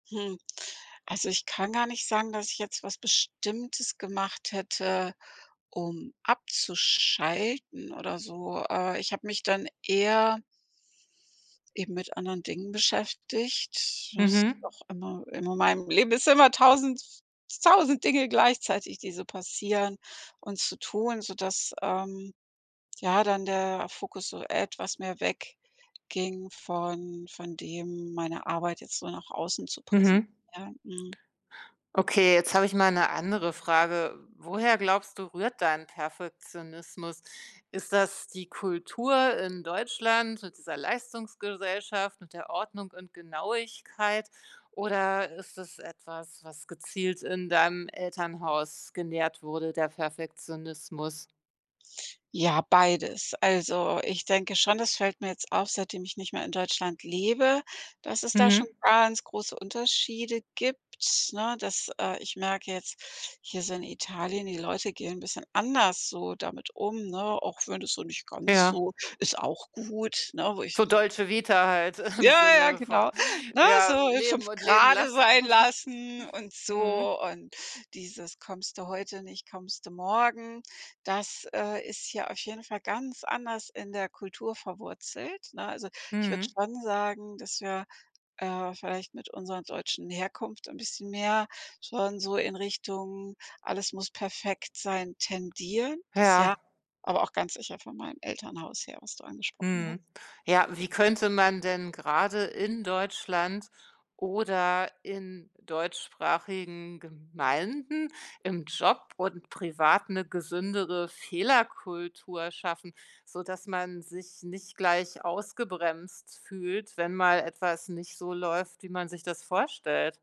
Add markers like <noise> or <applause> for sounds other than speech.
Hm, also ich kann gar nicht sagen, dass ich jetzt was Bestimmtes gemacht hätte, um abzuschalten oder so. Äh, ich habe mich dann eher eben mit anderen Dingen beschäftigt. Ist Mhm. auch immer in meinem Leben ist immer 1.000- 1.000 Dinge gleichzeitig, die so passieren und zu tun, sodass, ähm, ja dann der Fokus so etwas mehr weg ging von von dem, meine Arbeit jetzt so nach außen zu Mhm. präsentieren. Mhm. Okay, jetzt habe ich mal 'ne andere Frage. Woher glaubst du rührt dein Perfektionismus? Ist das die Kultur in Deutschland mit dieser Leistungsgesellschaft, mit der Ordnung und Genauigkeit oder ist es etwas, was gezielt in deinem Elternhaus genährt wurde, der Perfektionismus? Ja, beides. Also, ich denke schon, das fällt mir jetzt auf, seitdem ich nicht mehr in Deutschland lebe, dass es da schon Mhm. ganz große Unterschiede gibt, ne? Dass äh, ich merke jetzt hier so in Italien, die Leute gehen 'n bisschen anders so damit um, ne? Auch wenn es so nicht ganz Ja. so ist auch gut, ne? Wo ich So mir denke Dolce Vita halt <unintelligible> im ja, ja, Sinne von genau, ne? So ja, 5 „leben und leben gerade lassen“. sein <chuckles> lassen und Mhm. so und dieses: „Kommst du heute nicht, kommst du morgen.“ Das, äh, ist hier auf jeden Fall ganz anders in der Kultur verwurzelt, ne? Also, ich würde Mhm. schon sagen, dass wir, äh, vielleicht mit unserer deutschen Herkunft ein bisschen mehr schon so in Richtung „alles muss perfekt sein“ tendieren, das ja, Ja. aber auch ganz sicher von meinem Elternhaus her, was du angesprochen hast. Mhm. Ja, wie könnte man denn gerade in Deutschland oder in deutschsprachigen Gemeinden, im Job und privat 'ne gesündere Fehlerkultur schaffen, sodass man sich nicht gleich ausgebremst fühlt, wenn mal etwas nicht so läuft, wie man sich das vorstellt?